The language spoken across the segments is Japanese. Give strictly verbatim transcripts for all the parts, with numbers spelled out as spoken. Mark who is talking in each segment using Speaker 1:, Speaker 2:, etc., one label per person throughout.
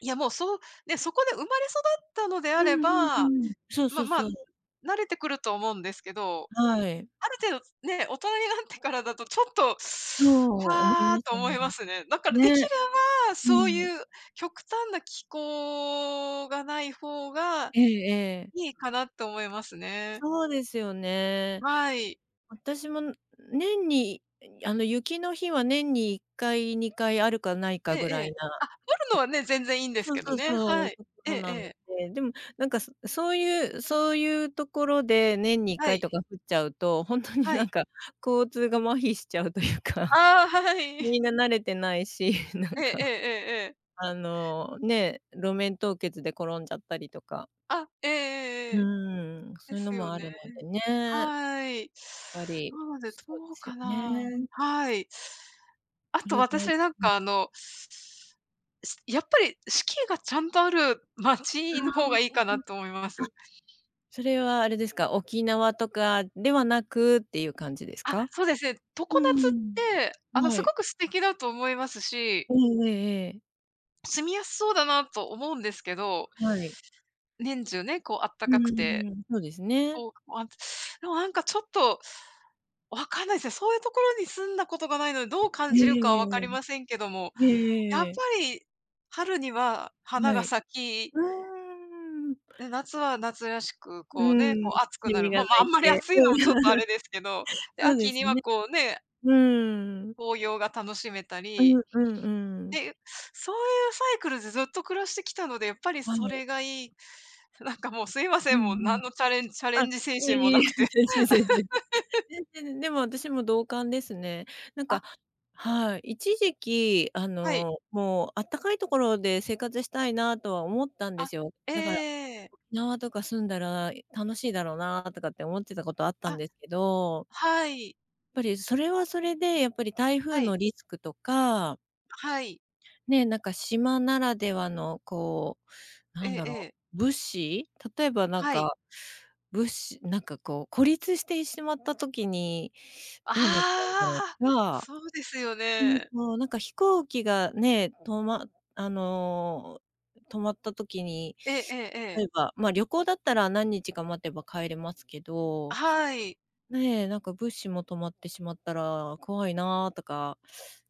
Speaker 1: いや、もう、そう。ね、そこで生まれ育ったのであ
Speaker 2: う
Speaker 1: れ
Speaker 2: んう
Speaker 1: ば、
Speaker 2: んうん。そうそ
Speaker 1: ま
Speaker 2: う
Speaker 1: まあ、
Speaker 2: そう。
Speaker 1: 慣れてくると思うんですけど。
Speaker 2: はい。
Speaker 1: ある程度、ね、大人になってからだと、ちょっと、
Speaker 2: そう、思い
Speaker 1: わあ、
Speaker 2: ます
Speaker 1: と思
Speaker 2: 思い
Speaker 1: い
Speaker 2: ま
Speaker 1: ま
Speaker 2: す。
Speaker 1: すね。だから、できれ
Speaker 2: ね。
Speaker 1: ば、
Speaker 2: う
Speaker 1: そう
Speaker 2: ん。
Speaker 1: いう極端な気候がない方が
Speaker 2: ええええ。
Speaker 1: いいかな、と思いますね。
Speaker 2: そうですよね。
Speaker 1: はい。
Speaker 2: 私も年に、あの、雪の日は、年にいっかい、にかいあるかないか
Speaker 1: ええ
Speaker 2: ぐ
Speaker 1: え
Speaker 2: ら
Speaker 1: え。
Speaker 2: いな
Speaker 1: あ、降る
Speaker 2: [unintelligible]
Speaker 1: の
Speaker 2: と、
Speaker 1: はね、全然いいんです
Speaker 2: そう
Speaker 1: けど
Speaker 2: そう
Speaker 1: ね。
Speaker 2: そ
Speaker 1: は
Speaker 2: う。
Speaker 1: い。え
Speaker 2: そ
Speaker 1: え
Speaker 2: う
Speaker 1: え
Speaker 2: なの
Speaker 1: え。
Speaker 2: で。でも、なんか、そそういうそういうところで、年にいっ
Speaker 1: は
Speaker 2: かい
Speaker 1: い。
Speaker 2: とか降っちゃうと、本当に
Speaker 1: は
Speaker 2: なん
Speaker 1: い。
Speaker 2: か、交通が麻痺しちゃうというか。
Speaker 1: ああ、はは い。
Speaker 2: みんな慣れてないし、なん
Speaker 1: ええええ
Speaker 2: か。
Speaker 1: ええええ。
Speaker 2: あの、ね、路面凍結で転んじゃったりとか。
Speaker 1: あ。ええ
Speaker 2: う
Speaker 1: ええええ。
Speaker 2: ーん。そ
Speaker 1: で
Speaker 2: ういうの
Speaker 1: すよ
Speaker 2: もあ
Speaker 1: ね。
Speaker 2: るのでね。
Speaker 1: はい。
Speaker 2: っぱり
Speaker 1: なので、
Speaker 2: そうで
Speaker 1: どう
Speaker 2: す
Speaker 1: か
Speaker 2: よ
Speaker 1: な。
Speaker 2: ね。
Speaker 1: はい。あ
Speaker 2: そ
Speaker 1: と
Speaker 2: れで
Speaker 1: 私、なん
Speaker 2: うん。
Speaker 1: かあのしやっぱり、四季がちゃんとある
Speaker 2: あ
Speaker 1: 街の方が
Speaker 2: あ、
Speaker 1: いいか
Speaker 2: う
Speaker 1: な
Speaker 2: ん。
Speaker 1: と思いま
Speaker 2: あ、
Speaker 1: す。
Speaker 2: それはあれですか。沖縄とかではなく、ていう感じです
Speaker 1: あ、
Speaker 2: か？
Speaker 1: そうですね。常
Speaker 2: う
Speaker 1: 夏っ
Speaker 2: ん。
Speaker 1: て、あの、
Speaker 2: は
Speaker 1: す
Speaker 2: い。
Speaker 1: ごく素敵だと思いますし
Speaker 2: ええええええ。
Speaker 1: 住みやすそうだな、と思うんですけど。
Speaker 2: はい。
Speaker 1: 年中ね、こう、あった
Speaker 2: う
Speaker 1: かく
Speaker 2: ん
Speaker 1: て。
Speaker 2: うん。そうです
Speaker 1: 気
Speaker 2: ね。
Speaker 1: 候あ、でもなんかちょっと、分かんないですね。そういうところに住んだことがないので、どう
Speaker 2: え
Speaker 1: 感
Speaker 2: え
Speaker 1: じるかは
Speaker 2: え
Speaker 1: 分かりませんけども。
Speaker 2: えええええ。ええ。ええ
Speaker 1: やっ
Speaker 2: えええ
Speaker 1: ぱ
Speaker 2: え。
Speaker 1: り、春には花
Speaker 2: は
Speaker 1: が
Speaker 2: い。
Speaker 1: 咲き
Speaker 2: うーん。
Speaker 1: で、夏は夏らしく、
Speaker 2: う
Speaker 1: こうね、こ
Speaker 2: ん。
Speaker 1: う暑く
Speaker 2: セ
Speaker 1: な
Speaker 2: ミ
Speaker 1: る、
Speaker 2: が
Speaker 1: まあ
Speaker 2: 鳴
Speaker 1: まあ、あ
Speaker 2: い
Speaker 1: んまり
Speaker 2: て。
Speaker 1: 暑
Speaker 2: う
Speaker 1: い
Speaker 2: ん。
Speaker 1: のも、ちょっとあれですけど。で、
Speaker 2: そうで
Speaker 1: 秋
Speaker 2: す
Speaker 1: には
Speaker 2: ね。
Speaker 1: こうね。
Speaker 2: うーん。
Speaker 1: 紅葉が楽しめた
Speaker 2: う
Speaker 1: り。
Speaker 2: んうんう
Speaker 1: っ
Speaker 2: ん。
Speaker 1: ていう、そういうサイクルでずっと暮らしてきたので、やっぱり
Speaker 2: は
Speaker 1: そ
Speaker 2: い。
Speaker 1: れがいい。そ、なんかもう、すいま
Speaker 2: う
Speaker 1: せ
Speaker 2: ん
Speaker 1: ん。もう、
Speaker 2: う
Speaker 1: 何
Speaker 2: ん。
Speaker 1: のチャレンチャレ
Speaker 2: あ、
Speaker 1: ンジ精
Speaker 2: いえ
Speaker 1: 神も
Speaker 2: いえ
Speaker 1: な
Speaker 2: いえ。
Speaker 1: くて。
Speaker 2: 全然全然、全然全でも、私も同感ですね。なんか
Speaker 1: あ。
Speaker 2: はい。一時期あ
Speaker 1: はい。
Speaker 2: の、もう、あったかいところで、生活したいなとは思ったんで
Speaker 1: あ、
Speaker 2: すよ。
Speaker 1: ええ
Speaker 2: だから、
Speaker 1: ええええ。
Speaker 2: 縄とか住んだら楽しいだろうな、とかって思ってたことあったん
Speaker 1: あ。
Speaker 2: ですけど。
Speaker 1: はい。
Speaker 2: やっぱりそれはそれで、やっぱり台風
Speaker 1: はい。
Speaker 2: のリスクとか
Speaker 1: あ、はい。
Speaker 2: ねえ、なんか島ならではの、こう、
Speaker 1: え
Speaker 2: なん
Speaker 1: え
Speaker 2: だ
Speaker 1: え
Speaker 2: ろ
Speaker 1: え。
Speaker 2: う。物資。例えばなん
Speaker 1: はい。
Speaker 2: か、物資なんかこう、孤立して、いしまった時に、
Speaker 1: あ
Speaker 2: どうなっちゃうんだろう
Speaker 1: あ。
Speaker 2: とか。
Speaker 1: そうですよ
Speaker 2: うん、
Speaker 1: ね。
Speaker 2: そう。なんか飛行機がね、止まあの、止まった時に、
Speaker 1: ええええええ。
Speaker 2: 例えば、ま、旅行だったら、何日か待てば帰れますけ
Speaker 1: あ、
Speaker 2: ど。
Speaker 1: はい。
Speaker 2: ねえ、なんか、物資も止まってしまったら怖いな、とか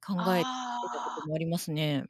Speaker 2: 考えてたこ
Speaker 1: あ
Speaker 2: と
Speaker 1: あ。
Speaker 2: もありますね。